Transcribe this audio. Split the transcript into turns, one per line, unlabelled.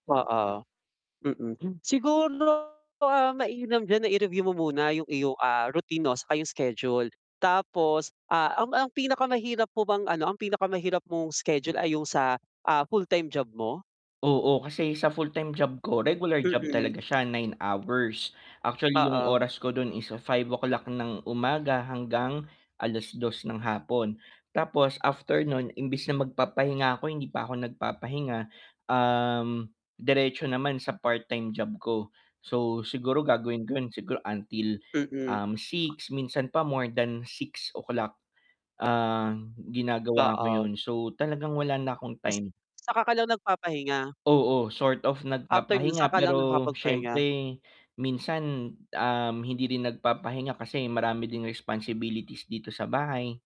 Oo. Mm, hmm, siguro, ah, mainam diyan na i-review mo muna yung iyong, ah, routine 'no, saka yung schedule. Tapos, ah, ang ang pinakamahirap mo bang ano ang pinakamahirap mong schedule ay yung sa, ah, full-time job mo?
Oo, kasi sa full-time job ko, regular job
Mm.
talaga siya 9 hours. Actually yung
Oo.
oras ko dun, is to 5:00 ng umaga hanggang 2:00 ng hapon. Tapos after non, imbis na magpapahinga ko, hindi pa ako nagpapahinga, um, diretso naman sa part-time job ko. So siguro gagawin ko yun, siguro until,
Mm.
um, 6, minsan pa more than 6:00 ah, ginagawa ko
Oo.
yun. So, talagang wala na akong
Ta's
time.
saka ka lang nagpapahinga?
Oo, sort of
After no'n
nagpapahinga,
saka lang
pero
nakapagpahinga?
siyempre, minsan, um, hindi rin nagpapahinga kasi marami din responsibilities dito sa bahay.